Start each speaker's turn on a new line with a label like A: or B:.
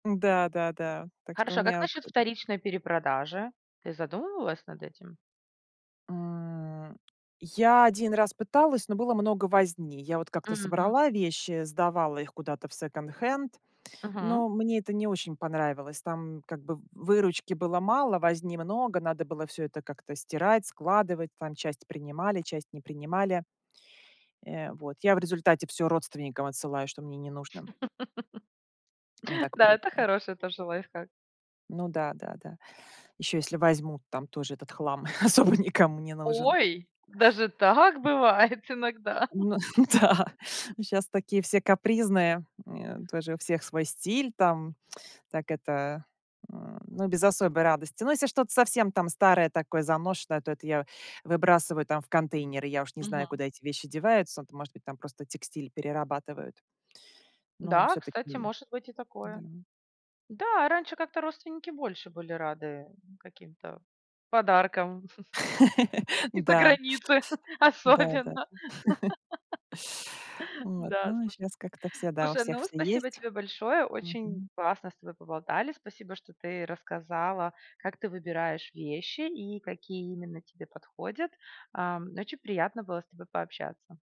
A: М-да, да-да, так что у
B: Хорошо, а как
A: меня
B: на
A: от
B: счёт вторичной перепродажи? Ты задумывалась над этим?
A: М. Я один раз пыталась, но было много возни. Я вот как-то
B: Мгм.
A: собрала вещи, сдавала их куда-то в секонд-хенд,
B: Мгм.
A: но мне это не очень понравилось. Там как бы в выручки было мало, возни много, надо было всё это как-то стирать, складывать. Там часть принимали, часть не принимали. Э, вот, я в результате всё родственникам отсылаю, что мне не нужно. Мне так
B: Да, это
A: проще.
B: хороший тоже лайфхак.
A: Ну да, да, да. Ещё если возьмут, там тоже этот хлам особо никому не нужен.
B: Ой, даже так бывает иногда.
A: М, ну да. Н, щас такие все капризные. М, э, тоже у всех свой стиль там. Так это м, ну без особой радости. Но если что-то совсем там старое, такое заношенное, то это я выбрасываю там в контейнеры, я уж не знаю,
B: Мгм.
A: куда эти вещи деваются. Т. Может быть, там просто текстиль перерабатывают. Но
B: Да,
A: всё-таки.
B: кстати, может быть и
A: Да.
B: такое. Да, раньше как-то родственники больше были рады каким-то подаркам из-за
A: Да.
B: границы
A: Да, да, д
B: особенно.
A: Вот,
B: Да,
A: ну, а
B: слушай.
A: щас как-то все, да, у
B: Слушай,
A: всех
B: ну
A: всё
B: спасибо
A: есть.
B: тебе большое. Очень
A: Мгм.
B: классно с тобой поболтали. Спасибо, что ты рассказала, как ты выбираешь вещи и какие именно тебе подходят. Ам, очень приятно было с тобой пообщаться.